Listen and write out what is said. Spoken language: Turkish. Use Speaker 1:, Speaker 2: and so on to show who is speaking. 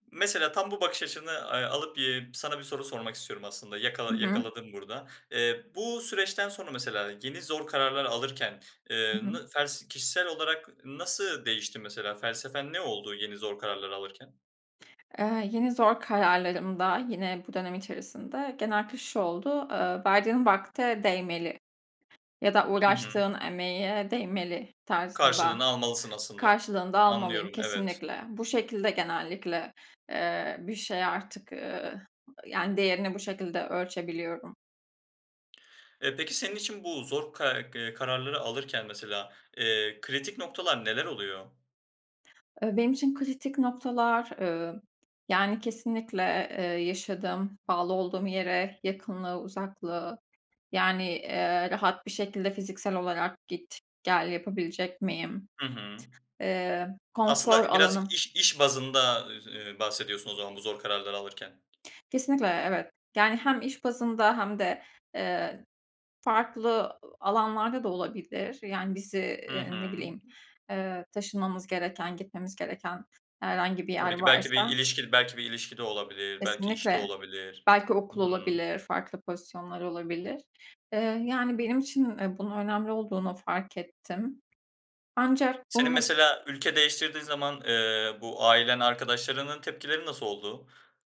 Speaker 1: Mesela tam bu bakış açını a alıp, eee, sana bir soru sormak istiyorum aslında;
Speaker 2: Hı
Speaker 1: yakala
Speaker 2: hı.
Speaker 1: yakaladım burada. Eee, bu süreçten sonra mesela yeni zor kararlar alırken,
Speaker 2: Hı
Speaker 1: ııı,
Speaker 2: hı.
Speaker 1: nı fels kişisel olarak nasıl değişti mesela? Felsefen ne oldu yeni zor kararlar alırken?
Speaker 2: Iıı, yeni zor kararlarımda yine bu dönem içerisinde genellikle şu oldu: Iıı, verdiğin vakte değmeli ya da
Speaker 1: Hı hı.
Speaker 2: uğraştığın emeğe değmeli
Speaker 1: Karşılığını
Speaker 2: tarzında;
Speaker 1: almalısın aslında.
Speaker 2: karşılığını da almalıyım
Speaker 1: Anlıyorum, evet.
Speaker 2: kesinlikle. Bu şekilde genellikle, ııı, bir şey artık, ııı, yani, değerini bu şekilde ölçebiliyorum.
Speaker 1: E, peki senin için bu zor ka kararları alırken mesela, ııı, kritik noktalar neler oluyor?
Speaker 2: E, benim için kritik noktalar, ııı, yani, kesinlikle, ııı, yaşadığım bağlı olduğum yere yakınlığı uzaklığı yani, ııı, rahat bir şekilde fiziksel olarak git, gel yapabilecek miyim?
Speaker 1: Hı hı.
Speaker 2: Eee, konfor
Speaker 1: Aslında biraz
Speaker 2: alanım.
Speaker 1: iş iş bazında, ııı, bahsediyorsun o zaman bu zor kararları alırken.
Speaker 2: Kesinlikle, evet, yani, hem iş bazında hem de, eee, farklı, ııı, alanlarda da olabilir, yani bizi,
Speaker 1: Hı
Speaker 2: eee, ne
Speaker 1: hı.
Speaker 2: bileyim, eee, taşınmamız gereken, gitmemiz gereken herhangi bir yer
Speaker 1: Tabii ki, belki bir
Speaker 2: varsa
Speaker 1: ilişki belki bir ilişkide olabilir, belki işte
Speaker 2: Kesinlikle
Speaker 1: olabilir.
Speaker 2: belki
Speaker 1: Hı
Speaker 2: okul
Speaker 1: hı.
Speaker 2: olabilir, farklı pozisyonlar olabilir. Iıı, yani, benim için, ııı, bunun önemli olduğunu fark ettim. Ancak
Speaker 1: Senin
Speaker 2: bunu
Speaker 1: mesela ülke değiştirdiğin zaman, ııı, bu ailen, arkadaşlarının tepkileri nasıl oldu?